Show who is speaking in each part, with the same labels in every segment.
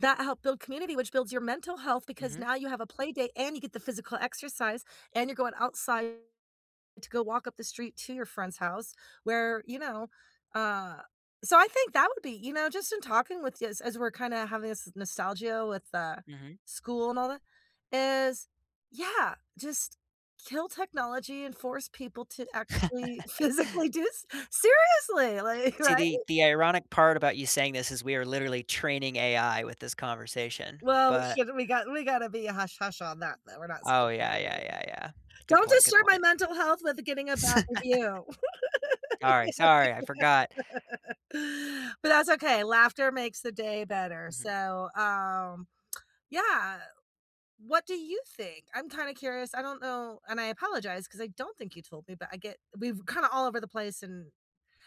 Speaker 1: That help build community, which builds your mental health because
Speaker 2: Mhm.
Speaker 1: now you have a playdate, and you get the physical exercise, and you're going outside to go walk up the street to your friend's house where, you know uh, so I think that would be you know, just in talking with you as as we're kinda having this nostalgia with, uh, the
Speaker 2: Mhm.
Speaker 1: school and all that is yeah, just kill technology and force people to actually, physically do s Seriously! Like,
Speaker 2: See,
Speaker 1: right?
Speaker 2: the the ironic part about you saying this is we are literally training AI with this conversation.
Speaker 1: Well, sh
Speaker 2: But
Speaker 1: we gotta we gotta be a hush-hush on that, though. We're not
Speaker 2: Oh,
Speaker 1: stupid.
Speaker 2: yeah, yeah, yeah,
Speaker 1: [unintelligible]
Speaker 2: yeah. Good
Speaker 1: Don't
Speaker 2: point. Good
Speaker 1: disturb my
Speaker 2: point.
Speaker 1: mental health with, uh, getting a
Speaker 2: S
Speaker 1: bad review!
Speaker 2: Sorry, sorry, I forgot.
Speaker 1: But that's okay, laughter makes the day better.
Speaker 2: Mhm.
Speaker 1: So, um, yeah, what do you think? I'm kinda curious, I don't know, and I apologize 'cause I don't think you told me, but I get we've kinda all over the place. And,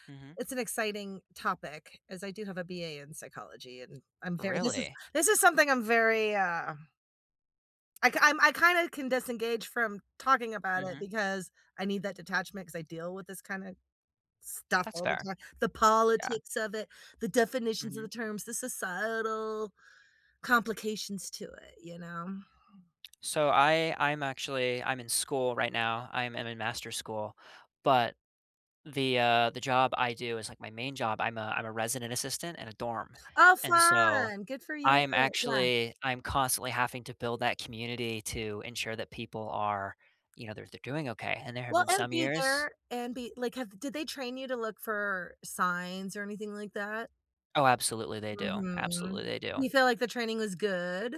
Speaker 2: Mhm.
Speaker 1: it's an exciting topic as I do have a BA in psychology, and I'm very this is
Speaker 2: Really?
Speaker 1: this is something I'm very, um I kin I'm I kinda can disengage from talking about it
Speaker 2: Mhm.
Speaker 1: because I need that detachment, 'cause I deal with this kinda stuff
Speaker 2: That's
Speaker 1: all the
Speaker 2: fair.
Speaker 1: time. The
Speaker 2: Yeah.
Speaker 1: politics of it, the definitions of the
Speaker 2: Mhm.
Speaker 1: terms, the societal complications to it, you know?
Speaker 2: So I I'm actually I'm in school right now. I'm I'm in master school. But the, uh the job I do is like my main job, I'm a I'm a resident assistant in a dorm.
Speaker 1: Oh,
Speaker 2: And so,
Speaker 1: fun! Good for you.
Speaker 2: I'm
Speaker 1: Yeah.
Speaker 2: actually I'm constantly having to build that community to ensure that people are you know, they're they're doing okay and there have
Speaker 1: Well,
Speaker 2: been
Speaker 1: and
Speaker 2: some
Speaker 1: be
Speaker 2: years
Speaker 1: there, and be like, have did they train you to look for signs or anything like that?
Speaker 2: Oh, absolutely, they do.
Speaker 1: Mhm.
Speaker 2: Absolutely, they
Speaker 1: You
Speaker 2: do.
Speaker 1: feel like the training was good?